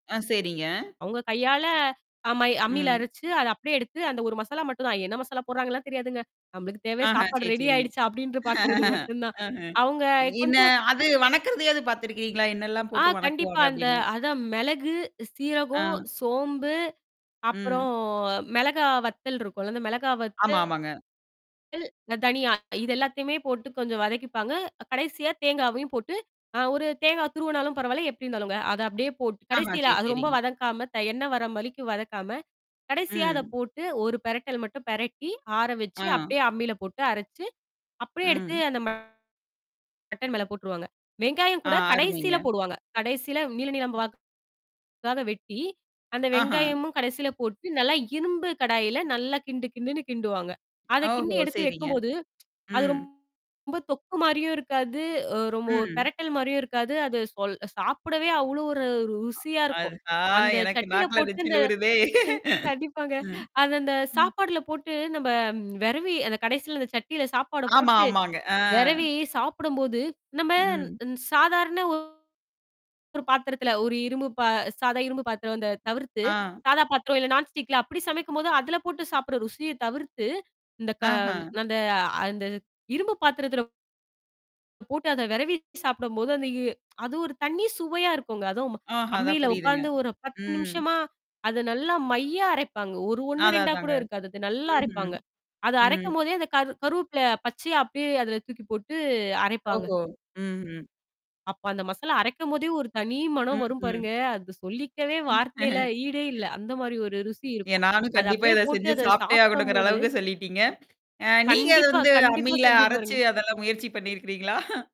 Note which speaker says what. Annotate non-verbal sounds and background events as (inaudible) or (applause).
Speaker 1: அ, சரிங்க.
Speaker 2: அவங்க கையால அம்ம அம்மியில
Speaker 1: ம்.
Speaker 2: அரைச்சு, அதை அப்படியே எடுத்து அந்த ஒரு மசாலா மட்டும்தான். என்ன மசாலா போடுறாங்கன்னுலாம் தெரியாதுங்க. நம்மளுக்கு தேவை,
Speaker 1: ஆஹா.
Speaker 2: சாப்பாடு
Speaker 1: சரி,
Speaker 2: ரெடி
Speaker 1: சரிங்க.
Speaker 2: ஆயிடுச்சா? அப்படின்னு பார்க்கிறது
Speaker 1: (laughs)
Speaker 2: மட்டும்தான்.
Speaker 1: அஹ.
Speaker 2: அவங்க
Speaker 1: என்ன
Speaker 2: கொஞ்சம்
Speaker 1: அது வணக்குறது ஏது பாத்துருக்கீங்களா? என்ன எல்லாம்
Speaker 2: ஆ,
Speaker 1: போட்டு
Speaker 2: கண்டிப்பா
Speaker 1: வணங்குவாங்க?
Speaker 2: அந்த
Speaker 1: அப்படின்னு.
Speaker 2: அதான் மிளகு,
Speaker 1: ஆ.
Speaker 2: சீரகம், சோம்பு, அப்புறம்
Speaker 1: ம்.
Speaker 2: மிளகாய் வத்தல் இருக்கும்ல. அந்த மிளகாய்
Speaker 1: ஆமா,
Speaker 2: வத்தல்,
Speaker 1: ஆமாங்க.
Speaker 2: அந்த தனியா இதெல்லாத்தையுமே போட்டுக் கொஞ்சம் வதக்கிப்பாங்க. கடைசியா தேங்காவையும் போட்டு, அ ஒரு தேங்காய் துருவனாலும் பரவாயில்ல, எப்படி இருந்தாலுங்க, அதை அப்படியே போட்டு
Speaker 1: ஆஹா,
Speaker 2: கடைசியில
Speaker 1: சரி,
Speaker 2: அது ரொம்ப
Speaker 1: சரிங்க.
Speaker 2: வதக்காம, த எண்ணெய் வர்ற வரைக்கும் வதக்காம, கடைசியா அதை
Speaker 1: ம்.
Speaker 2: போட்டு ஒரு பிரட்டல் மட்டும் பிரட்டி, ஆற வச்சு
Speaker 1: ஆ.
Speaker 2: அப்படியே அம்மியில போட்டு அரைச்சு, அப்படியே எடுத்து
Speaker 1: ம்.
Speaker 2: அந்த மட்டன் மேல போட்டுருவாங்க. வெங்காயம்
Speaker 1: அ,
Speaker 2: கூடக்
Speaker 1: அருமைங்க.
Speaker 2: கடைசியில போடுவாங்க. கடைசியில நீள நீளமா வாக்காக வெட்டி, அந்த
Speaker 1: ஆஹா.
Speaker 2: வெங்காயமும் கடைசியில போட்டு நல்லா இரும்பு கடாயில நல்லா கிண்டு கிண்டுன்னு கிண்டுவாங்க. அத கிண்டி
Speaker 1: ஓஹோ,
Speaker 2: எடுத்து
Speaker 1: சரிங்க.
Speaker 2: வைக்கும்போது அது
Speaker 1: ம்.
Speaker 2: ரொம்ப தொக்கு மாதிரியும் இருக்காது. ஒ ரொம்ப ஒரு
Speaker 1: ம்.
Speaker 2: பிரட்டல் மாதிரியும் இருக்காது. அது சொல் சாப்பிடவே அவ்வளோ ஒரு ருசியா இருக்கும்.
Speaker 1: அஹா!
Speaker 2: அந்தச்
Speaker 1: எனக்கு
Speaker 2: சட்டியில
Speaker 1: நாக்குல
Speaker 2: போட்டு
Speaker 1: நச்சில்
Speaker 2: அந்த
Speaker 1: ஊறுதே.
Speaker 2: கண்டிப்பாங்க.
Speaker 1: அ. ம்.
Speaker 2: அது அந்த சாப்பாட்டில போட்டு நம்ம விரவி அந்தக் கடைசியில அந்தச் சட்டியில சாப்பாடப்
Speaker 1: ஆமா,
Speaker 2: போட்டு
Speaker 1: ஆமாங்க. ஆ.
Speaker 2: விரவி சாப்பிடும்போது, நம்ம
Speaker 1: ம்.
Speaker 2: சாதாரண ஒரு பாத்திரத்தில ஒரு இரும்பு பா சாதா இரும்பு பாத்திரம் இந்த தவிர்த்து,
Speaker 1: ஆ.
Speaker 2: சாதா பாத்திரம் இல்ல நான்ஸ்டிக்ல அப்படி சமைக்கும்போது அதுல போட்டுச் சாப்பிற ருசியைத் தவிர்த்து, இந்த க
Speaker 1: ஆஹா.
Speaker 2: அந்த அந்த இரும்பு பாத்திரத்துல போட்டு அதை விரவி சாப்பிடும்போது, அந்த எ அது ஒரு தனி சுவையா இருக்கும்ங்க. அதும்,
Speaker 1: ஆஹா, அதான்
Speaker 2: அம்மியில
Speaker 1: புரியுதுங்க.
Speaker 2: உட்கார்ந்து ஒரு பத்து
Speaker 1: ம்.
Speaker 2: நிமிஷமா அதை நல்லா மைய அரைப்பாங்க. ஒரு 1,
Speaker 1: அதான்,
Speaker 2: 2ஆ கூட
Speaker 1: அதாங்க.
Speaker 2: இருக்காது. அது நல்லா
Speaker 1: ம்ஹ்ம்.
Speaker 2: அரைப்பாங்க. அது
Speaker 1: ம்.
Speaker 2: அரைக்கும் போதே அந்த கரு கருவேப்பல பச்சயா அப்டியே அதுல தூக்கிப்போட்டு அரைப்பாங்க.
Speaker 1: ஓஹோ. ம், ம்.
Speaker 2: அப்ப அந்த மசால அரைக்கும் போதே, ஒரு தனி மனம்
Speaker 1: ம்,
Speaker 2: வரும்
Speaker 1: ம்.
Speaker 2: பாருங்க. அதுக்கு சொல்லிக்கவே வார்த்தையில ஈடே இல்ல,
Speaker 1: (laughs)
Speaker 2: அந்த மாதிரி ஒரு ருசி
Speaker 1: எ
Speaker 2: இருக்கும்.
Speaker 1: நானும்
Speaker 2: அத
Speaker 1: கண்டிப்பா
Speaker 2: அப்டியே
Speaker 1: இத செஞ்சு
Speaker 2: போட்டு
Speaker 1: சாப்பிட்டே
Speaker 2: சாப்பிடும்
Speaker 1: ஆகணும்ங்கற
Speaker 2: போது
Speaker 1: அளவுக்குச் சொல்லிட்டீங்க. அ நீங்க அத
Speaker 2: கண்டிப்பா,
Speaker 1: வந்து
Speaker 2: கண்டிப்பா.
Speaker 1: அம்மில
Speaker 2: செஞ்சு
Speaker 1: அரைச்சு,
Speaker 2: பாருங்க.
Speaker 1: அதெல்லாம் முயற்சி பண்ணி இருக்குறீங்களா?